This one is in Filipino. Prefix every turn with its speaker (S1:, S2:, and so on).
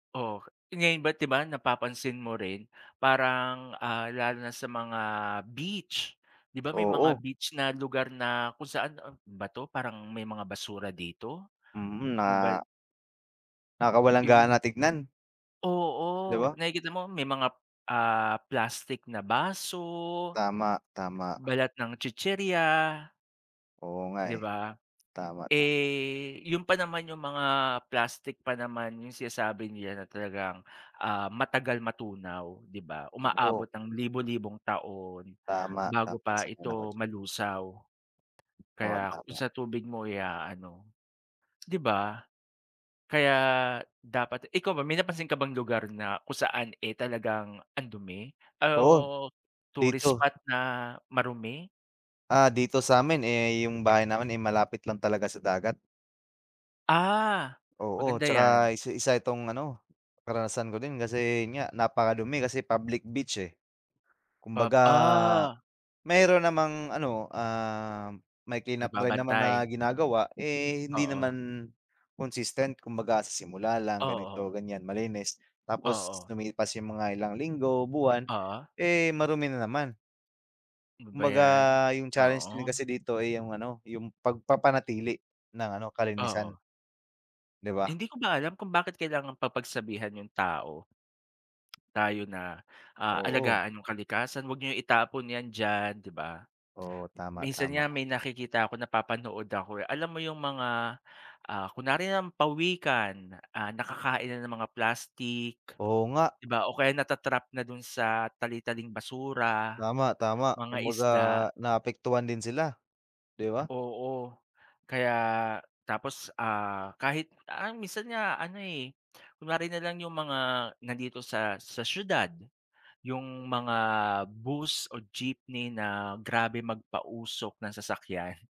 S1: Oo. Ngayon ba't di ba napapansin mo rin, parang, ah, lalo na sa mga beach, di ba may mga
S2: Oo.
S1: beach na lugar na kung saan, a ano ba 'to, parang may mga basura dito.
S2: Mm,
S1: Ano ba
S2: ah...
S1: Im
S2: Nakakawalang-gana tignan. Di
S1: Oo,
S2: ba?
S1: nakikita mo, may mga, ah, plastik na baso,
S2: Tama, tama.
S1: balat ng chichirya.
S2: Oo nga,
S1: Di
S2: eh.
S1: ba?
S2: Tama, tama.
S1: Eh, yun pa naman yung mga plastic pa naman yung sinasabi nila na talagang, ah, matagal matunaw, di ba?
S2: Oo.
S1: Umaabot ng libo-libong taon,
S2: Tama,
S1: bago
S2: tama.
S1: pa
S2: Sang-ayon ako
S1: ito
S2: diyan.
S1: malusaw.
S2: Oo,
S1: Kaya kung
S2: tama.
S1: sa tubig mo i-aano, di ba? Kaya dapat ikaw ba may napansin ka bang lugar na kung saan, eh, talagang ang dumi
S2: Oo!
S1: o tourist
S2: Dito
S1: spot na marumi?
S2: Ah, dito sa'min, eh, yung bahay namin, eh, malapit lang talaga sa dagat.
S1: Ah,
S2: Oo.
S1: maganda 'yan.
S2: Tsaka isa isa itong ano, karanasan ko din. Kasi yun nga, napakadumi kasi public beach, eh.
S1: Pub
S2: Kumbaga
S1: ah.
S2: meron namang ano, ah, may clean-up drive naman na
S1: Nagbabantay.
S2: ginagawa. Eh, hindi
S1: Oo.
S2: naman consistent. Kumbaga sa simula lang, ganito,
S1: Oo.
S2: ganiyan, malinis. Tapos
S1: Oo.
S2: lumipas yung mga ilang linggo, buwan,
S1: Oo.
S2: eh, marumi na naman.
S1: Ano ba
S2: Kumbaga,
S1: 'yan?
S2: yung challenge din
S1: Oo.
S2: kasi dito, eh, yung ano, yung pagpapanatili ng ano, kalinisan.
S1: Oo.
S2: Di ba?
S1: Hindi ko ba alam kung bakit kailangang pa pagsabihan yung tao. Tayo na, ah,
S2: Oo.
S1: alagaan yung kalikasan. 'Wag niyong itapon 'yan diyan, di ba?
S2: Oo. Tama,
S1: Minsan nga,
S2: tama.
S1: may nakikita ako, napapanood ako, eh. Alam mo yung mga, ah, kunwari na lang pawikan. Ah, nakakain na ng mga plastik,
S2: Oo nga.
S1: di ba? O kaya nata-trap na dun sa tali-taling basura,
S2: Tama, tama.
S1: mga
S2: Kumbaga
S1: isda.
S2: naapektuhan din sila, di ba?
S1: Oo. Kaya tapos, ah, kahit ah, minsan nga ano, eh, kunwari na lang yung mga nandito sa sa siyudad. Yung mga bus or jeepney na grabe magpausok ng sasakyan.